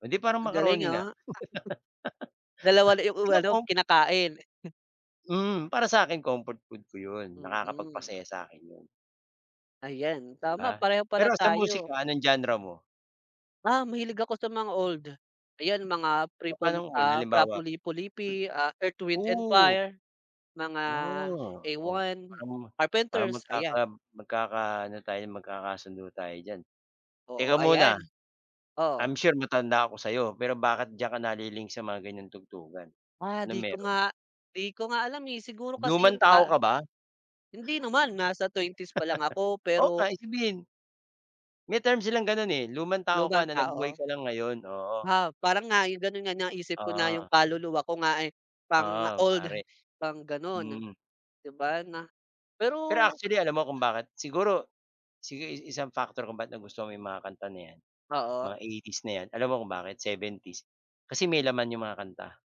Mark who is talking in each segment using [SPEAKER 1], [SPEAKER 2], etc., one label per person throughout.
[SPEAKER 1] Oh, di parang
[SPEAKER 2] Ang galing
[SPEAKER 1] macaroni
[SPEAKER 2] ah.
[SPEAKER 1] na.
[SPEAKER 2] Dalawa na yung
[SPEAKER 1] Tingnan
[SPEAKER 2] umano,
[SPEAKER 1] mo
[SPEAKER 2] kinakain.
[SPEAKER 1] Mm, para sa'kin, comfort food ko 'yon,
[SPEAKER 2] Mm.
[SPEAKER 1] nakakapagpasaya sa'kin 'yon.
[SPEAKER 2] Ayan,
[SPEAKER 1] 'Di
[SPEAKER 2] tama,
[SPEAKER 1] ba?
[SPEAKER 2] pareho pala
[SPEAKER 1] Pero sa
[SPEAKER 2] tayo.
[SPEAKER 1] musika, anong genre mo?
[SPEAKER 2] Ah, mahilig ako sa mga old. Ayan, mga prepol
[SPEAKER 1] Papa'nong hul
[SPEAKER 2] ah, Fra
[SPEAKER 1] halimbawa
[SPEAKER 2] Lippo Lippi, ah, Earth, Wind&
[SPEAKER 1] Ooh.
[SPEAKER 2] Fire. Mga,
[SPEAKER 1] Ah, oo,
[SPEAKER 2] A1,
[SPEAKER 1] parang parang
[SPEAKER 2] Carpenters,
[SPEAKER 1] magkaka
[SPEAKER 2] ayan.
[SPEAKER 1] magkakaano tayo, magkakasundo tayo diyan. Teka
[SPEAKER 2] Oo, ayan.
[SPEAKER 1] muna.
[SPEAKER 2] Oh.
[SPEAKER 1] I'm sure matanda ako sa'yo, pero bakit diyan ka nali-link sa mga ganyang tugtugan?
[SPEAKER 2] Ah,
[SPEAKER 1] Anong
[SPEAKER 2] 'di ko
[SPEAKER 1] meron?
[SPEAKER 2] nga 'di ko nga alam eh, siguro kasi
[SPEAKER 1] Lumang
[SPEAKER 2] yung
[SPEAKER 1] tao
[SPEAKER 2] pa
[SPEAKER 1] ka ba?
[SPEAKER 2] hindi naman, nasa 20s pa lang ako,
[SPEAKER 1] Oo
[SPEAKER 2] pero
[SPEAKER 1] nga isibihin. May term silang gano'n eh, lumang tao
[SPEAKER 2] Lumang
[SPEAKER 1] ka na, nabuhay
[SPEAKER 2] tao.
[SPEAKER 1] ka lang ngayon, oo.
[SPEAKER 2] Ah, parang nga, 'yon gano'n nga, naisip ko na, yung
[SPEAKER 1] Ah.
[SPEAKER 2] kaluluwa ko nga eh, pang
[SPEAKER 1] Oo,
[SPEAKER 2] old,
[SPEAKER 1] pare.
[SPEAKER 2] pang gano'n.
[SPEAKER 1] Mm.
[SPEAKER 2] 'Di ba na
[SPEAKER 1] Pero,
[SPEAKER 2] pero
[SPEAKER 1] actually, alam mo, kung bakit siguro sige i isang factor kung ba't nagustuhan mo yung mga kanta na 'yan.
[SPEAKER 2] Oo.
[SPEAKER 1] Mga 80s na 'yan. Alam mo kung bakit, 70s Kasi may laman yung mga kanta.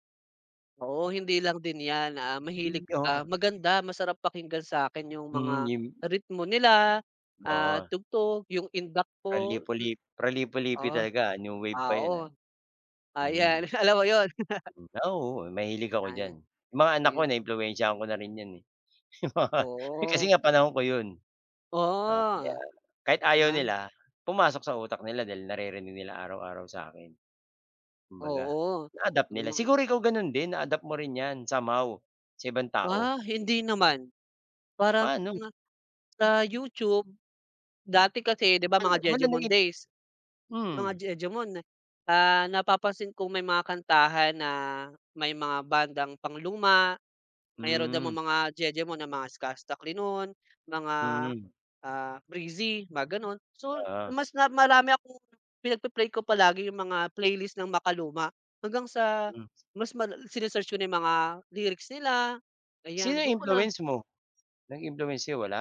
[SPEAKER 2] Oo, hindi lang din 'yan, ah, mahilig
[SPEAKER 1] In 'yon.
[SPEAKER 2] ah, maganda, masarap pakinggan sa'kin yung
[SPEAKER 1] Mm,
[SPEAKER 2] mga,
[SPEAKER 1] yim
[SPEAKER 2] ritmo nila, at
[SPEAKER 1] Oo.
[SPEAKER 2] tugtog yung, indak
[SPEAKER 1] Fro
[SPEAKER 2] po.
[SPEAKER 1] lippo
[SPEAKER 2] Du
[SPEAKER 1] lip Fro Lippo Lippi
[SPEAKER 2] oh.
[SPEAKER 1] talaga, new wave pa 'yan ah.
[SPEAKER 2] Oo.
[SPEAKER 1] Mm.
[SPEAKER 2] Ayan, alam mo yun.
[SPEAKER 1] Hmm, ah, oo, mahilig ako diyan.
[SPEAKER 2] Ay.
[SPEAKER 1] 'Yong mga anak ko
[SPEAKER 2] Ayun 'no.
[SPEAKER 1] naimpluwensiyahan ko na rin 'yan eh. Kasi
[SPEAKER 2] Oo.
[SPEAKER 1] nga panahon ko 'yon. Oo,
[SPEAKER 2] Oo.
[SPEAKER 1] yan, kahit
[SPEAKER 2] 'Di
[SPEAKER 1] ayaw
[SPEAKER 2] ba?
[SPEAKER 1] nila, pumasok sa utak nila dahil naririnig nila araw-araw sa'kin. Kumbaga,
[SPEAKER 2] Oo.
[SPEAKER 1] na-adapt
[SPEAKER 2] Sige
[SPEAKER 1] nila
[SPEAKER 2] na nga.
[SPEAKER 1] siguro, ikaw gano'n din, na-adapt mo rin 'yan somehow, sa ibang tao.
[SPEAKER 2] Ah, hindi naman. Parang,
[SPEAKER 1] Paano?
[SPEAKER 2] ah, sa YouTube. Dati kasi, 'di ba,
[SPEAKER 1] Wala,
[SPEAKER 2] mga
[SPEAKER 1] wala
[SPEAKER 2] jejemon
[SPEAKER 1] nagi
[SPEAKER 2] days. Mga
[SPEAKER 1] hmm.
[SPEAKER 2] jejemon, ah, napapansin ko may mga kantahan na may mga bandang pangluma, meron namang
[SPEAKER 1] Hmm.
[SPEAKER 2] mga jejemon na mga Skusta Clee no'n, mga,
[SPEAKER 1] Mm.
[SPEAKER 2] ah, Breezy mga gano'n. So,
[SPEAKER 1] Oo.
[SPEAKER 2] mas na marami akong pinag-pe-play ko palagi yung mga playlist ng makaluma, hanggang sa,
[SPEAKER 1] Hmm.
[SPEAKER 2] mas mal sine-search ko na yung mga lyrics nila. Ayan
[SPEAKER 1] Sino
[SPEAKER 2] do'n ko na
[SPEAKER 1] influence mo? Nag-influence sa'yo, wala?